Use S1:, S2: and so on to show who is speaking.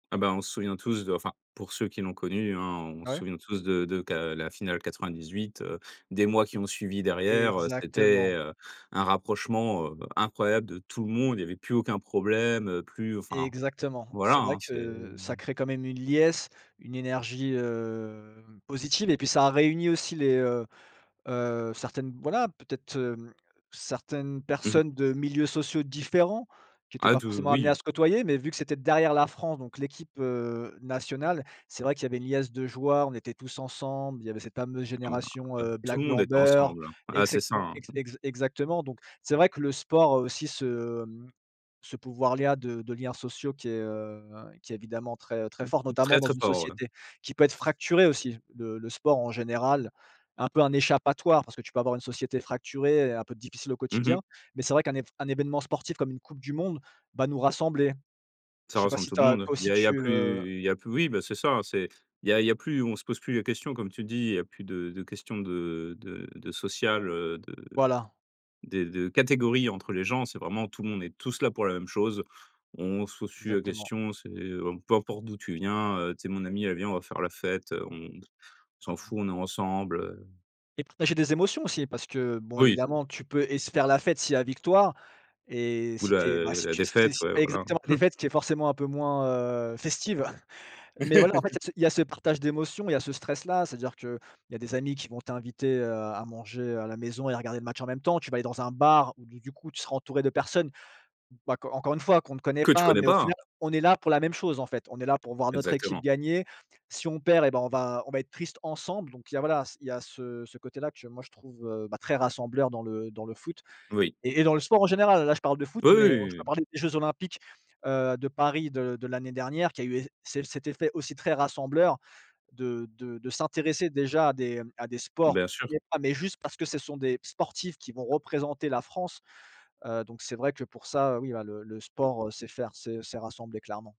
S1: Ah bah, on se souvient tous de enfin pour ceux qui l'ont connu hein on
S2: Ah
S1: se
S2: ouais?
S1: souvient tous de de qu'à la finale 98, heu, des mois qui ont suivi derrière, heu, c'était,
S2: Exactement.
S1: heu, un rapprochement, heu, incroyable de tout le monde il y avait plus aucun problème plus, enfin,
S2: Exactement.
S1: voilà
S2: C'est vrai
S1: hein, c'est
S2: que ça
S1: mmh.
S2: crée quand même une liesse, une énergie, heu, positive et puis ça réunit aussi les, heu heu, certaines, voilà, peut-être, hem, certaines
S1: Mmh mh.
S2: personnes de milieux sociaux différents qui étaient
S1: Ah
S2: pas
S1: tout
S2: forcément amenées à
S1: oui.
S2: se côtoyer, mais vu que c'était derrière la France, donc l'équipe, heu, nationale, c'est vrai qu'il y avait une liesse de joueurs, on était tous ensemble, il y avait cette fameuse
S1: Ah ben,
S2: génération,
S1: ouais.
S2: heu,
S1: Tout
S2: black,
S1: le monde
S2: blanc,
S1: est
S2: beurre
S1: ensemble, hein.
S2: et
S1: Ah c'est
S2: cete
S1: ça, hein.
S2: exa exa exactement. Donc, c'est vrai que le sport a aussi ce, mmh, ce pouvoir-là de de liens sociaux qui est, heu, qui évidemment très très
S1: Mmh
S2: fort,
S1: mh,
S2: notamment
S1: très
S2: dans
S1: très
S2: une
S1: fort, ouais.
S2: société qui peut être fracturée aussi. Le le sport en général, un peu un échappatoire, parce que tu peux avoir une société fracturée et heu, un peu difficile au
S1: Mmh
S2: quotidien.
S1: mh.
S2: Mais c'est vrai qu'un évén événement sportif comme une coupe du monde va nous rassembler.
S1: Ça
S2: Je sais pas
S1: ressemble
S2: si
S1: tout
S2: tu
S1: le
S2: as
S1: monde.
S2: toi
S1: Il
S2: aussi
S1: a
S2: tu, heu
S1: plus il y a plus oui bah c'est ça c'est il y a il y a plus on se pose plus la question comme tu dis, il y a plus de de questions de de de social, heu, de
S2: Voilà.
S1: des de catégories entre les gens, c'est vraiment tout le monde est tous là pour la même chose. On se pose plus la
S2: Exactement.
S1: question c'est, heu: «Peu importe d'où tu viens, heu, tu es mon ami, aller vient, on va faire la fête, on s'en
S2: Voilà.
S1: fout, on est ensemble, heu».
S2: Et partager des émotions aussi parce que, bon
S1: Oui.
S2: évidemment, tu peux et se faire la fête s'il y a victoire et
S1: Ou
S2: si
S1: la
S2: tu es, bah si
S1: la
S2: tu si
S1: défaite,
S2: si tu
S1: ouais,
S2: fais
S1: voilà.
S2: exactement, des fêtes qui est forcément un peu moins, heu, festive. Mais voilà, en fait, il y a ce il y a ce partage d'émotions, il y a ce stress-là, c'est-à-dire qu'il y des amis qui vont t'inviter, heu, à manger, heu, à la maison et à regarder le match en même temps, tu vas aller dans un bar, où du du coup, tu seras entouré de personnes, bah core encore une fois qu'on ne connaît
S1: Que tu
S2: pas,
S1: connais
S2: mais au
S1: pas.
S2: final on est là pour la même chose en fait, on est là pour voir notre équipe
S1: Exactement.
S2: gagner, si on perd et bien on va on va être triste ensemble donc il y a voilà, il y a ce ce côté là que moi, je trouve, heu, bah très rassembleur dans le dans le foot
S1: Oui.
S2: et et dans le sport en général. Là je parle de foot,
S1: Oui,
S2: mais, heu, je
S1: oui,
S2: peux
S1: oui.
S2: parler des jeux olympiques, heu, de Paris de de l'année dernière qui a eu eff celle cet effet aussi très rassembleur de de de s'intéresser déjà à des, heu, à des sports,
S1: Bien sûr.
S2: [unintelligible] mais juste parce que ce sont des sportifs qui vont représenter la France. Heu, donc c'est vrai que pour ça, heu, oui bah le le sport, heu, c'est faire c'est c'est rassembler, clairement.